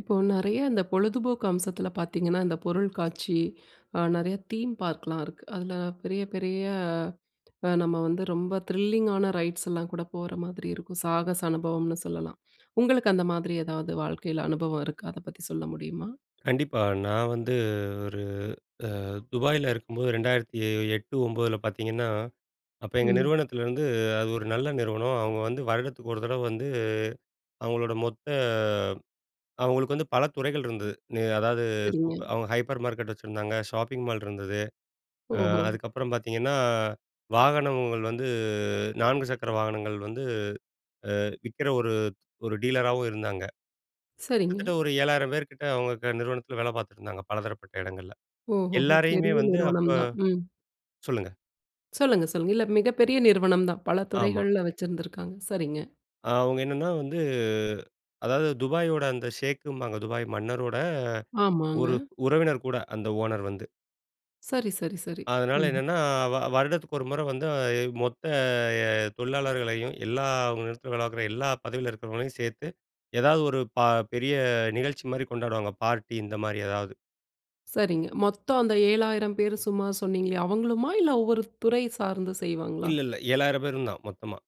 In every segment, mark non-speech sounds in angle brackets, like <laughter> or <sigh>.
இப்போ நிறைய இந்த பொழுதுபோக்கு அம்சத்தில பார்த்தீங்கன்னா, இந்த பொருள் காட்சி அ நிறைய தீம் பார்க்லாம் இருக்கு. அதில பெரிய பெரிய அ நம்ம வந்து ரொம்ப த்ரில்லிங் ஆன ரைட்ஸ் எல்லாம் கூட போற மாதிரி இருக்கும். சாகச அனுபவம்ன்னு சொல்லலாம். உங்களுக்கு அந்த மாதிரி ஏதாவது வாழ்க்கையில அனுபவம் இருக்கா? அத பத்தி சொல்ல முடியுமா? கண்டிப்பா. நான் வந்து ஒரு அ துபாயில இருக்கும்போது 2008 09 ல பார்த்திங்கன்னா, அப்போ எங்க ம். நிறுவனத்துலருந்து அது ஒரு நல்ல நிறுவனம். அவங்க வந்து வருடத்துக்கு ஒரு தடவ வந்து, அவங்களோட மொத்த அவங்களுக்கு வந்து பல துறைகள் இருந்தது. அதாவது சூ சரிங்க. அவங்க ஹைப்பர் மார்க்கெட் வச்சிருந்தாங்க, ஷாப்பிங் மால் இருந்தது. ஆ ஓஹோ! அதுக்கப்புறம் பார்த்திங்கன்னா, வாகனங்கள் வந்து நான்கு சக்கர வாகனங்கள் வந்து ஆ விக்கிற ஒரு, ஒரு டீலராவும் இருந்தாங்க. சரிங்க. கிட்டத்தட்ட ஒரு 7000 பேர் கிட்ட அவங்க நிறுவனத்தில வேலை பார்த்துட்டு இருந்தாங்க, பலதரப்பட்ட இடங்கள்ல. ஓஹோஹோ! எல்லாரையுமே பெரிய வந்து நிறுவனம் அப்போ தான். ம். சொல்லுங்க. சொல்லுங்க சொல்லுங்க. இல்ல மிகப்பெரிய நிறுவனம் தான். பல ஆமா. துறைகள்ல வச்சிருந்திருக்காங்க. சரிங்க. அவங்க என்னன்னா வந்து, அதாவது துபாயோட அந்த ஷேக்குபாங்க. துபாய் மன்னரோட ஆமாங்க. ஒரு உறவினர் கூட அந்த ஓனர் வந்து. சரி, சரி, சரி. அதனால ம்ஹ்ம். என்னென்னா, வ வருடத்துக்கு ஒரு முறை வந்து மொத்த தொழிலாளர்களையும், எல்லா நிறுவனத்துல வேலப்பாக்குற எல்லா பதவியில இருக்கிறவங்களையும் சேர்த்து, ஏதாவது ஒரு ப பெரிய நிகழ்ச்சிமாரி கொண்டாடுவாங்க. பார்ட்டி இந்தமாரி ஏதாவது. சரிங்க. மொத்தம் அந்த 7,000 பேரு சும்மா சொன்னீங்களே, அவுங்களுமா? இல்ல ஒவ்வொரு துறை சார்ந்து செய்வாங்களா? இல்ல இல்ல 7,000 பேரு இருந்தோம், மொத்தமா.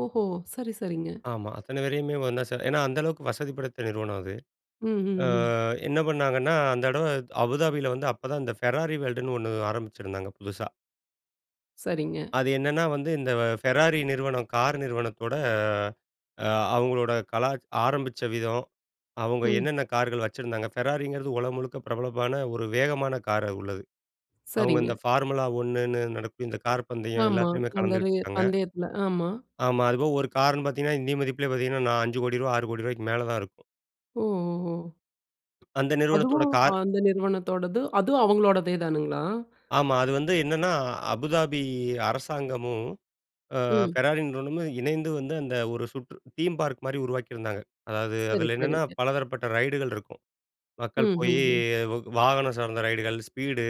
ஓஹோ! சரி, சரிங்க. ஆமா. அத்தன பேரையுமே 1 ன்னா சே ஏன்னா அந்த அளவுக்கு வசதிப்படுத்த நிறுவனம் அது. ம், அ ம், ம். என்ன பண்ணாங்கன்னா, அந்த தடவ அபுதாபி ல வந்து அப்ப தான் அந்த ஃபெராரி வேர்ல்ட் ன்னு 1 ஆரம்பிச்சிருந்தாங்க, புதுசா. சரிங்க. அது என்னன்னா, வந்து இந்த ஃபெராரி நிறுவனம், கார் நிறுவனத்தோட, அ அவுங்களோட கலா ஆரம்பிச்ச விதம், அவுங்க ம். என்னென்ன கார்கள் வச்சிருந்தாங்க, ஃபெராரிங்கிறது உலகம் முழுக்க பிரபலமான ஒரு வேகமான காரா உள்ளது. அவுங்க சரிங்க. இந்த ஃபார்முலா 1 ன்னு நடக்கும் இந்த கார் பந்தயம் ஆமா, எல்லாத்தயிலுமே அந்த ரெ அந்த கலந்துகிட்டுருக்காங்க. பந்தயத்தில. ஆமா. ஆமா. அதுபோக ஒரு கார்ன்னு பார்த்தீங்கன்னா இந்திய மதிப்பிலே பார்த்தீங்கன்னா, நா ரூ.50000000 ரூ.60000000 ரூவாக்கு மேல தான் இருக்கும். ஓ! ஒ! ஓஹோ! அந்த நிறுவனத்தோட அதுவும் கார். அந்த நிறுவனத்தோடது, அதுவும் அவங்களோடதே தானுங்களா? ஆமா. அது வந்து என்னன்னா, அபுதாபி அரசாங்கமும், அ ம். ஃபெராரி நிறுவனமும் இணைந்து வந்து அந்த ஒரு சுற்று தீம் பார்க் மாரி உருவாக்கியிருந்தாங்க. அதாவது சரி, அதில என்னென்ன சரிங்க. பலதரப்பட்ட ரைடுகள் இருக்கும். ம், மக்கள் போய் ம், ம். வ வாகனம் சார்ந்த ரைடுகள், ஸ்பீடு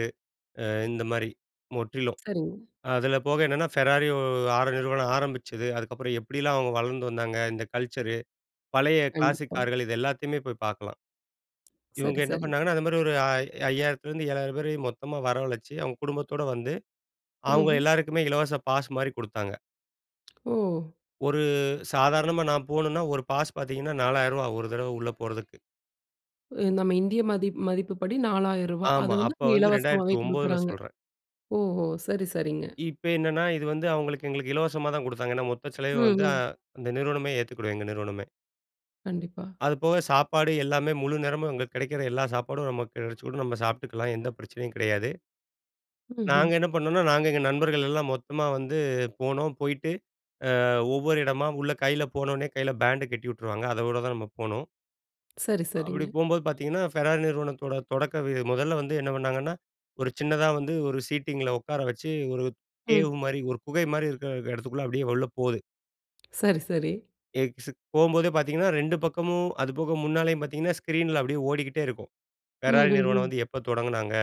அ இந்த மாதிரி முற்றிலும். சரிங்க. அதில போக என்னன்னா, ஃபெராரியோ, 6 நிறுவனம் ஆரம்பிச்சது, அதுக்கப்புறம் எப்பிடியெல்லாம் அவுங்க வளர்ந்து வந்தாங்க, இந்த கல்ச்சரு பழைய கிளாசிக் கண்டிப்பா. கார்கள், இது எல்லாத்தையுமே போய் பார்க்கலாம். இவுங்க சரி, என்ன சரி. பண்ணாங்கன்னா, அந்த மாரி ஒரு அ 5,000 த்திருந்து 7,000 பேரையும் மொத்தமா வரவழைச்சு, அவுங்க குடும்பத்தோட வந்து அவுங்க ம்ஹ்ம். எல்லாருக்குமே இலவச பாஸ்மாரி குடுத்தாங்க. ஓ! ஒரு சாதாரணமா நான் போணும்னா ஒரு பாஸ் பார்த்தீங்கன்னா ரூ.4,000 ஒரு தடவ உள்ள போறதுக்கு. நம்ம இந்திய மதிப்பு மதிப்புப்படி ரூ.4,000. அத ஆமா. வந்து அப்ப அவுங்க வந்து இரண்டாயிரத்தி இலவசமாவே ஒன்பதுல குடுக்குறாங்க. சொல்றேன். ஓஹோ! சரி சரிங்க. இப்ப என்னன்னா, இது வந்து அவுங்களுக்கு எங்களுக்கு இலவசமா தான் கொடுத்தாங்க. ஏன்னா மொத்த செலவயும் வந்து, அ, ம்ஹ்ம். அந்த நிறுவனமே ஏத்துக்குடும். எங்க நிறுவனமே. கண்டிப்பா. அது போக சாப்பாடு எல்லாமே முழு நேரமும் அங்க கிடைக்கிற எல்லா சாப்பாடும் நமக்கு கிடைச்சுடும். நாம்ம சாப்புட்டுக்கலாம். எந்த பிரச்சனையும் கிடையாது. நாங்க ம்ஹ்ம். என்ன பண்ணம்னா, நாங்க எங்க நண்பர்கள் எல்லாம் மொத்தமா வந்து போனோம். போயிட்டு, அ, ஒவ்வொரு இடமா உள்ள கைல போன உடனே கைல பேண்ட் கட்டி உட்டுருவாங்க. அதோட தான் நம்ம போனும். சரி, அப்படி சரிங்க. போம்போது பார்த்தீங்கன்னா, ஃபெரார் நிறுவனத்தோட தொடக்க இது முதல வந்து என்ன பண்ணாங்கன்னா? ஒரு சின்னதா வந்து ஒரு சீட்டிங்கில உட்கார வச்சி ஒரு கேவ் ம். மாதிரி, ஒரு குகை மாரி இருக்கிற இடத்துக்குள்ள அப்டியே உள்ள போது. சரி சரி. எக்ஸ் போம்போதே பார்த்தீங்கன்னா 2 பக்கமும் அதுபோக முன்னாலையும் பார்த்தீங்கன்னா ஸ்க்ரீனில அப்டியே ஓடிக்கிட்டே இருக்கும். ஃபெராரி நிறுவனம் ம்ஹ்ம்ஹ்ம். வந்து எப்போ தொடங்குனாங்க?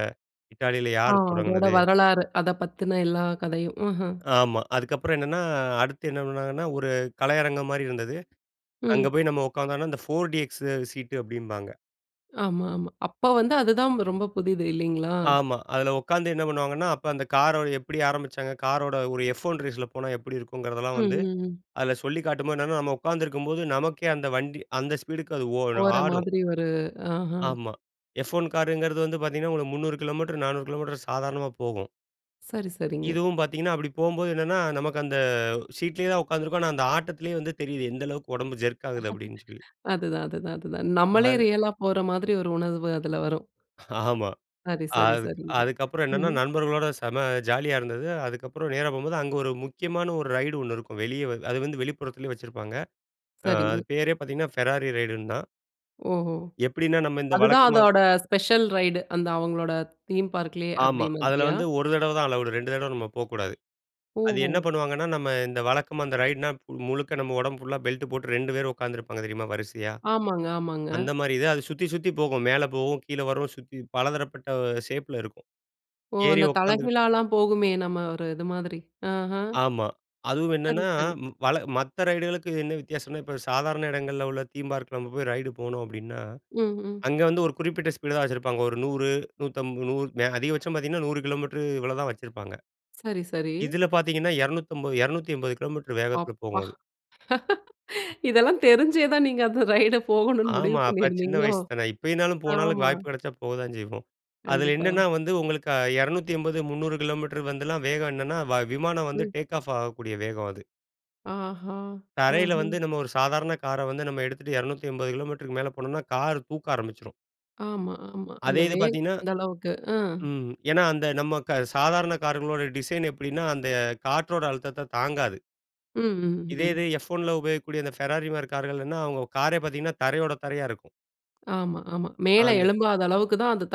இட்டாலில ஆ. யார் அதோட தொடங்கினது? வரலாறு. அத பத்தின எல்லா கதையும். ம்ஹ்ம். ஆமா. அதுக்கு அப்பறம் என்னன்னா, அடுத்து என்ன பண்ணாங்கன்னா? ஒரு கலையரங்கம் மாரி இருந்தது. அங்க ம். போயி நாம உட்கார்ந்தம்ன்னா அந்த போர் டிஎக்ஸ் சீட் டு அப்டிபாங்க. ஆமா, ஆமா. அப்ப வந்து அதுதான் ரொம்ப புதிது இல்லிங்களா? ஆமா, அதில உட்கார்ந்து என்ன பண்ணுவாங்கன்னா? அப்ப அந்த காரோட எப்டி ஆரம்பிச்சாங்க? காரோட ஒரு எஃப் ஒன் ரேஸி ல போனா எப்டி இருக்குங்கிறதெல்லாம் ம். வந்து, ம். ம். அதில சொல்லிக் காட்டும்போது என்னன்னா, நம்ம உட்காந்துருக்கும்போது நமக்கே அந்த வண்டி, அந்த ஸ்பீடுக்கு அது ஓ, போற ஆடும். மாதிரி ஒரு ஆஹன். ஆமா. எஃப் ஒன் காருங்கிறது வந்து பார்த்தீங்கன்னா, ஒரு 300 கிலோமீட்டர், 400 கிலோமீட்டர் சாதாரணமா போகும். சரி, சரிங்க. இதுவும் பார்த்தீங்கன்னா, அப்டி போம்போது என்னென்னா, நமக்கு அந்த சீட்லயே தான் உட்கார்ந்துருக்கோம். ஆனா அந்த ஆட்டத்திலேயே தெரியுது எந்த அளவுக்கு உடம்பு ஜெர்க் ஆகுது அப்டின் சொல்லி. <laughs> அதுதான், அதுதான், அதுதான். நம்மளே அது ரியல்ல போற மாதிரி ஒரு உணர்வு அதுல வரும். <chuckles> ஆமா. சரி, சரி, அதுக் சரிங்க. அதுக்கப்புறம் என்னன்னா, ம்ஹ்ம். நண்பர்களோட செம ஜாலியா இருந்தது. அதுக்கப்புறம் நேரா போம்போது அங்க ஒரு முக்கியமான ஒரு ரைடு 1 இருக்கும். வெளியே வ அது வந்து வெளிப்புறத்திலேயே வச்சிருப்பாங்க. அ சரிங்க. அது பேரே பார்த்தீங்கன்னா, ஃபெராரி ரைடுன்னு தான். ஓஹோ! எப்டினா, நம்ம இந்த அதுதான் வழக்கமா அதோட ஸ்பெஷல் ரைடு. அந்த அவங்களோட தீம் பார்க் லயே, ஆமா, அப்டீ அதில மாதிரியா? வந்து 1 தடவ தான் அலவுடு, 2 தடவ நம்ம போக்கூடாது. அது ஓஹோ! என்ன பண்ணுவாங்கன்னா, நம்ம இந்த வழக்கமா இந்த ரைடுனா முழுக்க நம்ம உடம்பு ஃபுல்லா பெல்ட் போட்டு 2 பேர் உட்காந்துருப்பாங்க தெரியுமா வரிசையா? ஆமாங்க, ஆமாங்க. அந்த மாரி இது. அது சுத்தி சுத்தி போகும் மேலே போகும், கீழே வரும் சுத்தி பலதரப்பட்ட ஷேப்ல இருக்கும். ஓ! ஏறி அந்த உட்காந்துகிட்டு தலைகீழாலாம் போகுமே நம்ம ஒரு இது மாதிரி ஆஹன். ஆமா, அதுவும் சரி, என்னன்னா, சரி. வழ மத்த ரைடுகளுக்கு என்ன வித்தியாசம்னா? இப்ப சாதாரண இடங்கள்ல உள்ள தீம்பார்க்ல நம்ம போய் ரைடு போணும் அப்டின்னா, ம்ஹ்ம். அங்க வந்து ஒரு குறிப்பிட்ட ஸ்பீடு தான் வச்சிருப்பாங்க ஒரு 100, 150 அதிகபட்சம் பார்த்தீங்கன்னா, 100 கிலோமீட்டர் இவ்வளோதான் வச்சிருப்பாங்க. சரி, சரி. இதுல பார்த்தீங்கன்னா 250, 280 கிலோமீட்டர் வேகத்தில அப்பா போகும் அது. <laughs> இதெல்லாம் தெரிஞ்சே தான் நீங்க அந்த ரைடு போகணும்னு முடிவு ஆமா, அப்ப சின்ன பண்ணியிருந்தீங்களோ? வயசு தானே. இப்பைனாலும் போனாலும் ஆமா. வாய்ப்பு கிடைச்சா போத்தான் செய்வோம். அதில கண்டிப்பா. என்னென்னா வந்து உங்களுக்கு அ 280 300 கிலோமீட்டர் வந்துலாம் வேகம் என்னன்னா வ விமானம் வந்து ம். டேக் ஆஃப் ஆகக்கூடிய வேகம் அது. ஆஹா, தரையில வந்து ம்ஹ்ம். நம்ம ஒரு சாதாரண கார வந்து நம்ம எடுத்துட்டு 280 கிலோமீட்டருக்கு மேல போனோம்னா கார் தூக்க ஆரம்பிச்சுரும். ஆமா ஆமா. அதே அந்த இது வேகம் பார்த்தீங்கணா, அந்த அளவுக்கு அ. ம் ஏன்னா அந்த நம்ம க சாதாரண காருங்களோட டிசைன் எப்டினா அந்த காற்றோட அழுத்தத்த தாங்காது. ம் ம் இதே ஹ்ம். இது எஃப் ஒன்ல உபயோகிக்கக்கூடிய அந்த பெராரி மாதிரி கார்கள்னா, அவங்க காரே பார்த்தீங்கன்னா தரையோட தரையா இருக்கும். ஆமா ஆமா. மேல அந்த எழும்பாத அளவுக்கு தான் அதை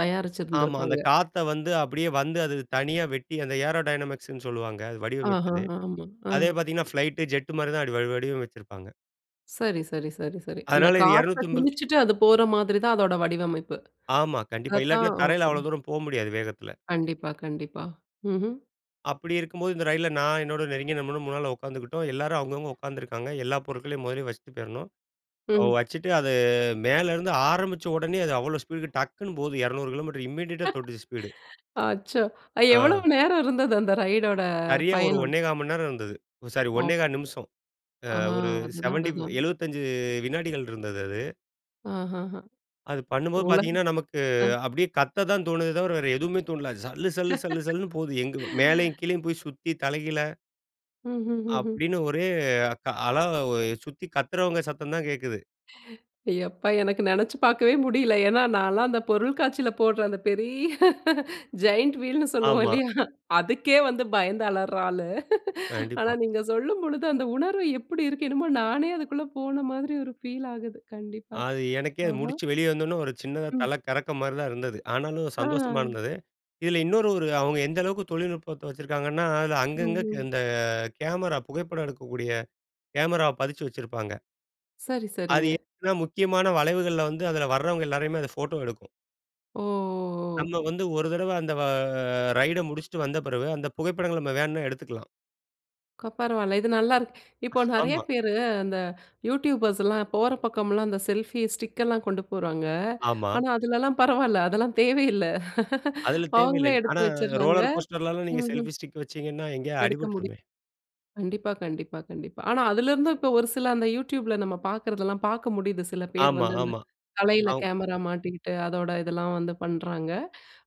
ஆமா. அந்த தயாரிச்சிருந்திருப்பாங்க. காத்த வந்து அப்டியே வந்து அது தனியா வெட்டி அந்த ஏரோடைனமிக்ஸ்ன்னு சொல்லுவாங்க அது ஆஹ! வடிவமைச்சது. ஆமா அ. அதே பார்த்தீங்கன்னா ஃப்ளைட், ஜெட்டு மாதிரி தான் அப்டி வடிவ வடிவமைச்சிருப்பாங்க. சரி சரி சரி சரி. அந்த அதனால இது காற்ற 280 கிழிச்சுட்டு அது போற மாதிரி தான் அதோட வடிவமைப்பு. ஆமா கண்டிப்பா. அதை தான் இல்லாட்டினா தரையில அவ்ளோ ம்ம். தூரம் போக முடியாது வேகத்துல. கண்டிப்பா கண்டிப்பா. ம்ஹ்ம். அப்டி இருக்கும்போது, இந்த ரயில்ல நான் என்னோட நெருங்கிய நண்பனும் முன்னால உட்காந்துக்கிட்டோம். எல்லாரும் அவங்கவங்க உட்கார்ந்துருக்காங்க. எல்லா பொருட்களையும் மொதல்லயே வச்சுட்டு போயிருணும். ம். வச்சுட்டு அது மேலருந்து ஆரம்பிச்ச உடனே அது அவ்ளோ ஸ்பீடுக்கு டக்குன்னு போகுது 200 கிலோமீட்டர் இம்மீடியட்டா தொட்டுச்சு ஸ்பீடு <laughs> அச்சோ! அது எவ்ளோ ஆ. நேரம் இருந்தது அந்த ரைடோட சரியா ஒரு பயணம்? 1 1/4 மணி நேரம் இருந்தது. சாரி அப் 1 1/4 நிமிஷம். ஆ ஒரு அதுதான் 75 அதுதான். 75 வினாடிகள் இருந்தது அது. ஆஹஹ, அது பண்ணும்போது உலக பார்த்தீங்கன்னா, நமக்கு அ. அப்டியே கத்த தான் தோணுதே தவர வேற எதுவுமே தோணல. சல்லு, சல்லு, சல்லு, சல்லுன்னு போது எங் மேலேயும், <laughs> கீழேயும் போய் சுத்தி தலைகீழ, ம், ம், ம். அப்டின்னு ஒரே க அழ சுத்தி கத்துறவங்க சத்தம் தான் கேட்குது. எப்பா! எனக்கு நெனைச்சு பார்க்கவே முடியல. ஏனா, நான்லாம் அந்த பொருள் காட்சியில போடுற அந்த பெரிய <laughs> ஜெயன்ட் வீல்னு சொல்லுவோம் ஆமா. இல்லையா, அதுக்கே வந்து பயந்து அளர்ற ஆளு. ஆனா கண்டிப்பா. நீங்க சொல்லும் பொழுது அந்த உணர்வு எப்புடி இருக்கு! என்னமோ நானே அதுக்குள்ள போன மாதிரி ஒரு ஃபீல் ஆகுது. கண்டிப்பா. அது எனக்கே அது ஆஹ! முடிச்சு வெளியே வந்தோனே ஒரு சின்னதா ம். தல கறக்கம் மாரி தான் இருந்தது. ஆனாலும் ஆ. சந்தோஷமா இருந்தது. இதில இன்னொரு ஒரு அவங்க எந்த அளவுக்கு தொழில்நுட்பத்த வச்சிருக்காங்கன்னா, அதில அங்கங்க ம்ஹ்ம். இந்த கேமரா புகைப்படம் எடுக்கக்கூடிய கேமராவ பதிச்சு வச்சிருப்பாங்க. சரி, அது சரிங்க. ஏன்னா முக்கியமான வளைவுகள்ல வந்து அதில வரவங்க எல்லோரையுமே அது போட்டோ எடுக்கும். ஓ, ஓ, ஓ! நம்ம வந்து ஒரு தரவ அந்த வ ரைடு முடிச்சிட்டு வந்த பிறவு அந்த புகைப்படங்கள நம்ம வேணுனா எடுத்துக்கலாம். கோ பரவால்ல, இது நல்லாருக்கு. இப்போ நெறைய ஆமா. பேரு அந்த யூடியூபர்ஸ்லாம் போற பக்கம்லாம் அந்த செல்ஃபி ஸ்டிக்லாம் கொண்டு போறாங்க. ஆமா. ஆனா அதுலலாம் பரவால்ல, அதெல்லாம் தேவையில்ல. <laughs> அதுல தேவையில்ல. அவங்களே ஆனா எடுத்து வச்சறாங்க ரோலர் கோஸ்டர்ல நீங்க ம்ஹ்ம். செல்ஃபி ஸ்டிக் வச்சிங்கன்னா, எங்கயாவது எடுக்க முடி அடிபட்டுருமே. கண்டிப்பா, கண்டிப்பா, கண்டிப்பா. ஆனா அதிலிருந்து இப்போ ஒரு சில அந்த youtube ல நம்ம பார்க்கறதெல்லாம், பார்க்க முடியுது. சில பேர் ஆமா, வந்து ஆமா. தலையில அவங்ர கேமரா மாட்டிகிட்டு அதோட இதெல்லாம் வந்து பண்றாங்க.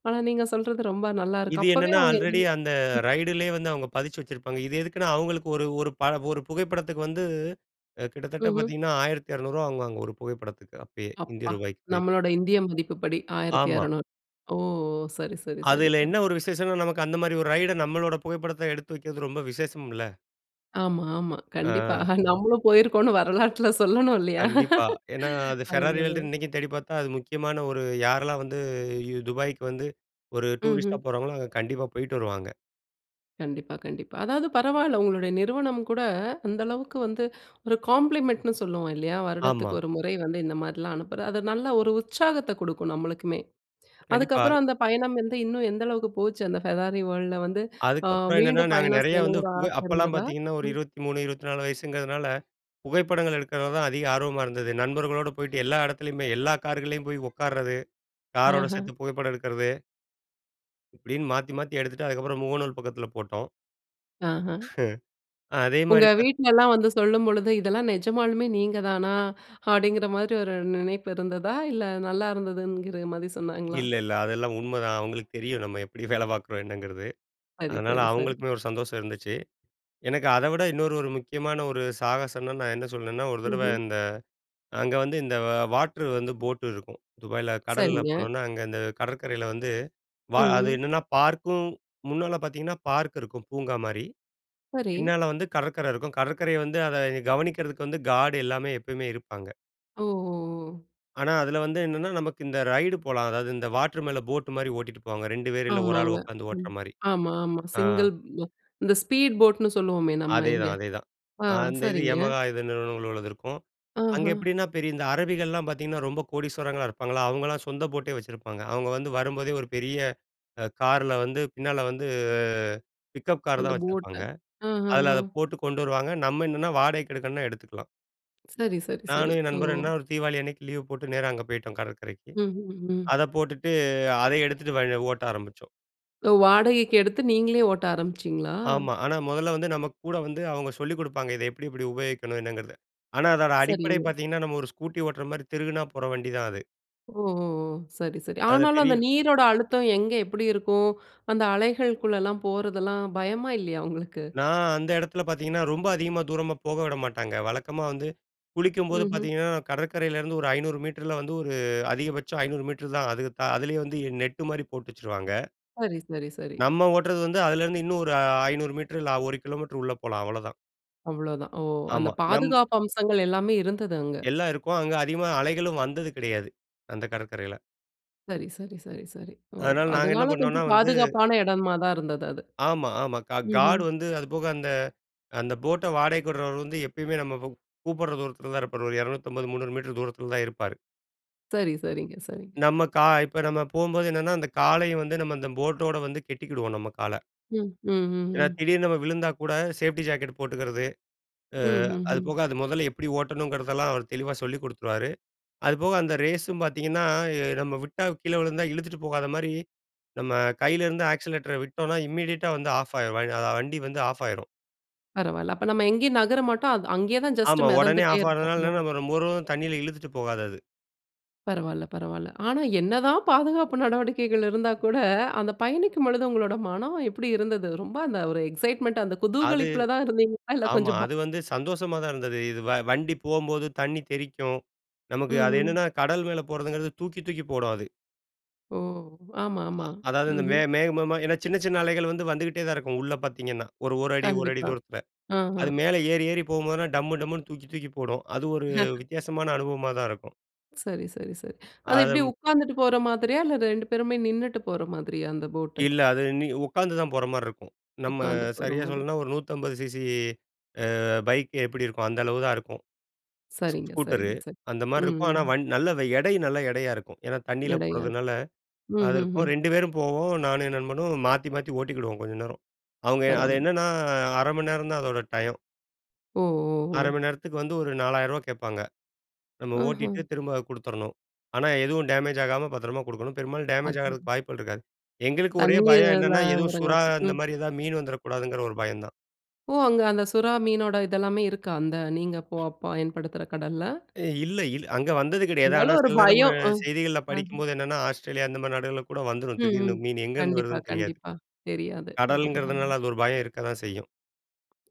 ஆனா நீங்க சொல்றது ரொம்ப நல்லாருக்கு. இது அப்பவே என்னன்னா, அவங்க எ ஆல்ரெடி அந்த ம். ரைட்லேயே வந்து அவங்க பதித்து வச்சுருப்பாங்க. இது எதுக்குன்னா, அவங்களுக்கு ஒரு ஒரு ப புகைப்படத்துக்கு வந்து கிட்டத்தட்ட ம்ஹ்ம். பார்த்தீங்கன்னா, ₹1200 வாங்குவாங்க ஒரு புகைப்படத்துக்கு அப்பயே இந்திய அப்பா! ரூபாய்க்கு <unintelligible> நம்மளோட இந்திய மதிப்புப்படி ஆயிரத்தி ஆமா. இரநூறு. ஓ! சரி, சரி, சரி, அதுல சரி. என்ன ஒரு விசேஷம்னா, நமக்கு அந்த மாரி ஒரு ரைட நம்மளோட புகைப்படத்த எடுத்து வைக்கிறது ரொம்ப விசேஷம்ல. ஆமா. ஆமா. கண்டிப்பா ஆ. நம்மளும் போயிருக்கோம்னு வரலாற்றுல சொல்லணும் இல்லையா? கண்டிப்பா. ஏன்னா, அது ஃபெராரி அதனால. வேர்ல்டுன்னு இன்னிக்கும் தேடி பார்த்தா, அது முக்கியமான ஒரு யாரெல்லாம் வந்து யு துபாய்க்கு வந்து ஒரு டூரிஸ்ட்டா ம்ஹ்ம். போறாங்களோ, அங்க கண்டிப்பா போயிட்டு வருவாங்க. கண்டிப்பா. கண்டிப்பா. அதாவது பரவால்ல உங்களுடைய நிறுவனம் கூட, அந்த அளவுக்கு வந்து ஒரு காம்ப்ளிமென்ட் ன்னு சொல்லுவோம் இல்லையா? வருடத்துக்கு ஆமா. ஒரு முறை வந்து இந்த மாரிலாம் அனுப்புற அது நல்ல ஒரு உற்சாகத்த கொடுக்கும் நம்மளுக்குமே. கண்டிப்பா. அதுக்கப்பறம் அந்த பயணம் வந்து இன்னும் எந்த அளவுக்கு போச்சு அந்த ஃபெராரி வேர்ல்டுல வந்து, அ, அதுக்கப்பறம் என்னன்னா? மீண்டும் நாங்க பயணம் நெறையா வந்து செய்யணுங்கிற புகை ஆசை அப்பலாம் இருந்ததா? பார்த்தீங்கன்னா, ஒரு ம். 23, 24 வயசுங்கிறதுனால புகைப்படங்கள் எடுக்கிறது தான் அதிக ஆர்வமா இருந்தது. நண்பர்களோடு போயிட்டு எல்லா எடத்துலயுமே எல்லா கார்களிலும் போயி உட்காறது காரோட அஹம். சேர்த்து புகைப்படம் எடுக்கிறது. இப்படின்னு மாத்தி, மாத்தி எடுத்துட்டு, அதுக்கு அப்பறம் முகநூல் பக்கத்துல போட்டோம். ஆஹா. <laughs> அதே உங்க மாரி பார்த் வீட்லல்லாம் வந்து சொல்லும்பொழுது இதெல்லாம் நிஜமாலுமே நீங்க தானா? அப்டிங்கிற மாரி ஒரு நினைப்பு இருந்ததா? இல்ல நல்லா இருந்ததுங்கிற மாரி சொன்னாங்களா? இல்ல. இல்ல. அதெல்லாம் உண்மைதான். அவுங்களுக்கு தெரியும். நம்ம எப்படி வேலை பார்க்குறோம் என்னங்கிறது. சரி அதனால சரி சரி. அவுங்களுக்குமே ஒரு சந்தோஷம் இருந்துச்சி. எனக்கு அத விட இன்னொரு ஒரு முக்கியமான ஒரு சாகசம்ன்னா, நான் என்ன சொல்வேன்னா, ஒரு தடவ ம்ஹ்ம். இந்த அங்க வந்து இந்த வாட்டரு வந்து ஃபோட்டு இருக்கும். துபாயில கடல சரிங்க. போனோனா, அங்க அந்த கடற்கரைல வந்து அது ம்ஹ்ம். என்னன்னா பார்க்கும், முன்னால பார்த்தீங்கன்னா பார்க் இருக்கும் பூங்கா மாரி. சரி. பின்னால வந்து கடற்கரை இருக்கும். கடற்கரைய வந்து அத கவனிக்கிறதுக்கு வந்து காட் எல்லாமே எப்பவுமே இருப்பாங்க. ஓஹோ, ஓ! ஆனா, அதில வந்து என்னன்னா நமக்கு இந்த ரைட் போலாம். அதாவது இந்த வாட்டர் மேல போட் மாரி ஓட்டிட்டு போவாங்க. 2 பேரு இல்ல 1 ஆள் ஆமாங்க, உட்கார்ந்து ஓட்டுற ம். மாரி. ஆமா, ஆமா. ஆ. சிங்கிள் இந்த ஸ்பீட் போட்னு சொல்லுவோமே நம்ம அதேதான், இங்கே. அதேதான். ஆ அந்த இது சரிங்க. யமஹா இது <unintelligible> உள்ளதுருக்கும். அங்க ஆஹ. எப்டின்னா, பெரிய இந்த அரபிகள்லாம் பார்த்தீங்கன்னா, ரொம்ப கோடீஸ்வரர்களா இருப்பாங்களா, அவங்கலாம் சொந்த போட்டே வச்சிருப்பாங்க. அவங்க வந்து வரும்போதே ஒரு பெரிய அ காருல வந்து, பின்னால வந்து பிக்கப் கார் அந்த தான் போட்ட வச்சிருப்பாங்க. ஆ, ஆ, அதில ஆ. அத போட்டு கொண்டு வருவாங்க. நம்ம என்னன்னா வாடகைக்கு எடுக்கணும்னா எடுத்துக்கலாம். சரி, சரி, சரி. நானும் என் நண்பரும் ஓ! என்ன ஒரு தீபாவளி அன்னைக்கு லீவு போட்டு நேரா அங்க போய்ட்டோம் கடற்கரைக்கு. ம்ஹ்ஹ்ம். அத போட்டுட்டு அத எடுத்துட்டு வ ஓட்ட ஆரம்பிச்சோம். ஒ வாடகைக்கு எடுத்து நீங்களே ஓட்ட ஆரம்பிச்சீங்களா? ஆமா. ஆனா முதல்ல வந்து நம்ம கூட வந்து அவங்க சொல்லிக் குடுப்பாங்க, இத எப்டி இப்டி உபயோகிக்கணும் என்னங்கிறது. ஆனா அதோட அடிப்படை சரிங்க. பார்த்தீங்கணா, நம்ம ஒரு ஸ்கூட்டி ஓட்டுற மாரி திருகுனா போற வண்டி தான் அது. ஓஹோ, ஓ! சரி, சரி. அதில ஆனாலும் அந்த பெரிய நீரோட அழுத்தம் எங்க எப்டி இருக்கோ! அந்த அலைகள்க்குள்ளலாம் போறதுல்லாம் பயமா இல்லையா உங்களுக்கு? நான் அந்த இடத்துல பார்த்தீங்கன்னா, ரொம்ப அதிகமா தூரமா போக விட மாட்டாங்க. வழக்கமா வந்து குளிக்கும்போது ம்ஹ்ம். பார்த்தீங்கணா, கடற்கரையிலிருந்து ஒரு 500 மீட்டரில வந்து ஒரு அதிகபட்சம் 500 மீட்டர் தான். அது தா அதிலேயே வந்து நெட் மாரி போட்டு வச்சுருவாங்க. சரி, சரி, சரி. நம்ம ஓட்டுறது வந்து அதுலருந்து இன்னும் ஒரு அ 500 மீட்டர் இல்ல 1 கிலோமீட்டர் உள்ள போலாம் அவ்ளோதான். அவ்வளோதான். ஓ! அந்த ஆமா, நம், பாதுகாப்பு அம்சங்கள் எல்லாமே இருந்தது அங்க. எல்லாம் இருக்கும். அங்க அதிகமா அலைகளும் வந்தது கிடையாது, அந்த கடற்கரையில. சரி, சரி, சரி, சரி. ஓ! அதனால நாங்க என்ன அதுனால பண்ணோம்னா கொஞ்சம் வந்து பாதுகாப்பான இடமா தான் இருந்தது அது. ஆமா, ஆமா. கா காட் ம்ஹ்ம். வந்து, அது போக அந்த அந்த போட்ட வாடகைக்கு விட்றவர் வந்து எப்பையுமே நம்ம கூப்பிடற தூரத்தில தான் இருப்பாரு. ஒரு 250, 300 மீட்டர் தூரத்தில தான் இருப்பாரு. சரி, சரிங்க, சரிங்க. நம்ம கா இப்ப நம்ம போம்போது என்னென்னா, அந்த காலை வந்து நம்ம போட்டோட வந்து கெட்டிக்கிடுவோம் நம்ம கால. ம், ம், ஏனா, ம். திடீர்னு நம்ம விழுந்தா கூட சேஃப்டி ஜாக்கெட் போட்டுக்குறது. ஆ அது ம்ஹ்ஹ்ம். போக அது முதல்ல எப்டி அ ஓட்டணுங்கிறதெல்லாம் அவர் தெளிவா சொல்லிக் குடுத்துருவாரு. அது போக அந்த ரேஸும் பார்த்தீங்கன்னா, நம்ம விட்டா கீழே விழுந்தா இழுத்துட்டு போகாத மாரி நம்ம கையிலிருந்து ஆக்ஸிலரேட்டரை விட்டோம்னா இமிடியேட்டா வந்து ஆஃப் ஆயிரும். வ வண்டி வந்து ஆஃப் ஆயிரும். பரவால. அப்ப நம்ம எங்கேயும் நகர மாட்டோம் அத அங்கேயே தான் ஜஸ்ட் ஆமா, உடனே மெதந்துட்டே ஆஃப் இருப்போம். ஆறனால ஓ! நம்ம ரொம்ப தண்ணியில இழுத்துட்டு போகாது அது. பரவால, பரவால. ஆனா என்னதான் பாதுகாப்பு நடவடிக்கைகள் இருந்தா கூட, அந்த பயணிக்கும் பொழுது உங்களோட மனம் எப்டி இருந்தது? ரொம்ப அந்த ஒரு எக்ஸைட்மென்ட், அந்த அது குதூகலிப்புல தான் இருந்தீங்களா, இல்ல ஆமா, கொஞ்சம் பயம் அது வந்து சந்தோஷமா தான் இருந்தது. இது வ வண்டி போம்போது தண்ணி தெறிக்கும். நமக்கு அது ம்ஹ்ம். என்னன்னா, கடல் மேல போறதுங்கிறது தூக்கி, தூக்கி போடும் அது. ஓ! ஆமா, ஆமா, அதாவது இந்த மே ம்ஹ்ம். மேகமாக ஏன்னா சின்ன, சின்ன அலைகள் வந்து வந்துகிட்டே தான் இருக்கும் உள்ள பாத்தீங்கன்னா, ஒரு 1 அடி, ஒரு 1 கண்டிப்பா, தூரத்தில. அ. அ. அது மேல ஏறி, ஏறி போகும்போதுலாம் டம்மு டம்முனு தூக்கி, தூக்கி போடும். அது ஒரு <chuckles> வித்தியாசமான அனுபவமா தான் இருக்கும். சரி, சரி, சரி. அது அத எப்படி உட்கார்ந்துட்டு போற மாதிரியா? இல்ல 2 பேருமே நின்னுட்டு போற மாதிரியா? அந்த போட்டு. இல்ல, அது நீ உட்கார்ந்து தான் போற மாரி இருக்கும். நம்ம உட்கார்ந்து சரியா போறமாதிரி. சொல்லனுன்னா, ஒரு 150 CC அ பைக் எப்படி இருக்கும்? அந்த அளவு தான் இருக்கும். ஸ் சரிங்க, ஸ்கூட்டரு. சரிங்க, சரி. அந்த மாரி ம். இருக்கும் ஆனா ம். வண் நல்ல எடை நல்ல எடையா இருக்கும். ஏன்னா, தண்ணீயில எடையா? போறதுனால, ம். அது ம். இருக்கும். ம். 2 பேரும் போவோம். நானும், என் நண்பனும் மாத்தி, மாத்தி ஓட்டிக்கிடுவோம் கொஞ்ச நேரம். அவங்க அது பரவால்ல. என்னன்னா 1/2 மணி நேரம் தான் அதோட டையம். ஒ! ஒ! 1/2 ஒ! மணி நேரத்துக்கு வந்து ஒரு ரூ. 4,000 கேட்பாங்க. நம்ம ம்ஹும். ஓட்டிகிட்டு திரும்ப குடுத்துறணும். ஆனா, எதுவும் டேமேஜ் ஆகாம பத்திரமா குடுக்கணும் பெரும்பாலும் டேமேஜ் அது ஆறதுக்கு வாய்ப்பு இருக்காது. எங்களுக்கு ஒரே தண்ணீயில பயம் என்னென்னா எதுவும் சுறா இருந்தாங்கிறங்காட்டி. அந்த ம். மாரி ஏதாவது மீன் வந்துரக்கூடாதுங்கிற, ஒரு பயம் தான். ஓ! அங்க அந்த சுறா மீனோட இது எல்லாமே இருக்கா? அந்த நீங்க போ பயன்படுத்துர்ற கடல்ல. இல்ல, இல் அங்க வந்தது கெடையாது. ஆனா, இருந்தாலும் ஒரு சில நேரம் ம பயம். அ. செய்திகள்ல ஹ. படிக்கும்போது என்னென்னா, ஆஸ்ட்ரேலியா அந்த மாதிரி நாடுகள் கூட வந்துரும் ம். திடீர்னு ம். மீனு. எங்க இருந்து கண்டிப்பா, வருதுன்னு தெரியாது. கண்டிப்பா. தெரியாது. ஆ அதுதான். கடல்ங்கிறதுனால அது ஒரு பயம் இருக்கத்தான் செய்யும்.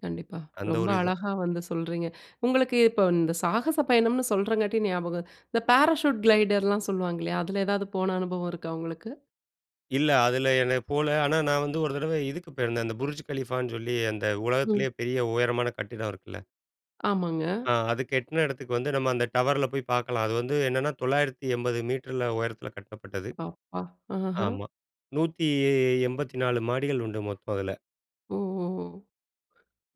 கண்டிப்பா. அந்த ரொம்ப ஒரு இதும். அழகா வந்து சொல்றீங்க. உங்களுக்கு இப்ப இந்த சாகச பயணம்னு சொல்றங்காட்டி ஞாபகம். இந்த பாராசூட் கிளைடர்ல்லாம் சொல்லுவாங்க இல்லையா, அதுல ஏதாவது போன அனுபவம் இருக்கா உங்களுக்கு? இல்ல, அதுல என போல. ஆனா நான் வந்து ஒரு தடவ இதுக்கு போயிருந்தேன். அந்த "Burj Khalifa" ன்னு சொல்லி அந்த ம். உலகத்திலயே பெரிய உயரமான கட்டிடம் இருக்குல்ல. ஆமாங்க. ஆ, அது கட்டுன இடத்துக்கு வந்து நம்ம அந்த டவர்ல போய் பாக்கலாம். அது வந்து என்னன்னா, 980 மீட்டருல உயரத்துல கட்டப்பட்டது. அப்பா! அஹ்ம். ஆமா, 184 மாடிகள் உண்டு மொத்தம் அதுல. ஓஹோஹோ!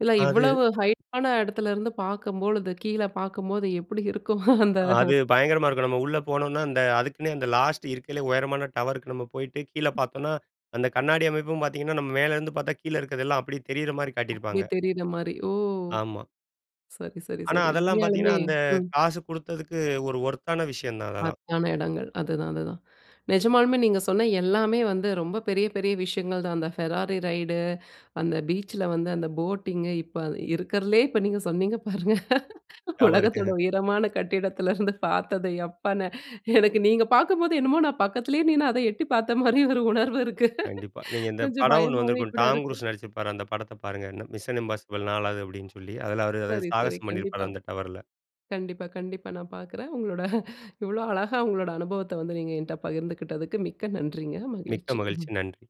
இல்ல அது. இவ்வளவு ஹைட்டான இடத்துல இருந்து பாக்கும்போழுது, கீழ பாக்கும்போது எப்டி இருக்கும்? <chuckles> அந்த அ ஹோ அது பயங்கரமா இருக்கும். நம்ம உள்ள போனோம்னா இந்த அதுக்குன்னே அந்த லாஸ்ட் இருக்கறதுலேயே உயரமான டவருக்கு நம்ம போயிட்டு கீழ பாத்தோம்னா, அந்த கண்ணாடி அமைப்பும் பாத்தீங்கன்னா, நம்ம மேலருந்து பாத்தா கீழ இருக்குறதெல்லாம் அப்டியே தெரியிற மாரி அப்டியே காட்டியிருப்பாங்க. தெரியிற மாரி ஓ! ஆமா. சரி, சரி, ஆனா, சரி. அதெல்லாம் பாத்தீங்கன்னா, உண்மையாலுமே அந்த ம். காசு குடுத்ததுக்கு ஒரு வொர்த் ஆன விஷயம் தான் அதெல்லாம். <unintelligible> இடங்கள் அதுதான், அதுதான். நெஜமாலுமே நீங்க சொன்ன எல்லாமே வந்து ரொம்ப பெரிய பெரிய விஷயங்கள் தான் அந்த ஃபெராரி ரைட் அந்த பீச்சில வந்து அந்த போட்டிங் இப்ப இருக்கறலயே இப்ப நீங்க சொன்னீங்க பாருங்க உலகத்தோட டவர்கு. உயரமான கட்டிடத்துலருந்து பாரத்தது எப்பான்னு. எனக்கு நீங்க பாக்கும்போது என்னமோ நான் பக்கத்திலேயே நின்னு அத எட்டி பாத்த மாரி ஒரு உணர்வு இருக்கு. கண்டிப்பா. நீங்க இந்த கொஞ்சம் படம் ஒண்ணு பயமாவே வந்துருக்கும், கூட "Tom இருக்கு. Cruise" நடிச்சிருப்பாரு அந்த படத்த பாருங்க. "Mission: Impossible 4" அப்டின்னு சொல்லி அதுல அவரு சரி, சரி. சாகசம் கண்டிப்பா. பண்ணிருப்பாரு அந்த டவர்ல. கண்டிப்பா, கண்டிப்பா நான் பாக்குறேன். உங்களோட இவ்ளோ அழகா உங்களோட அனுபவத்த வந்து நீங்க என்ட பகிர்ந்துகிட்டதுக்கு மிக்க நன்றிங்க. மிக்க மகிழ்ச்சி. மகிழ்ச்சி, நன்றி.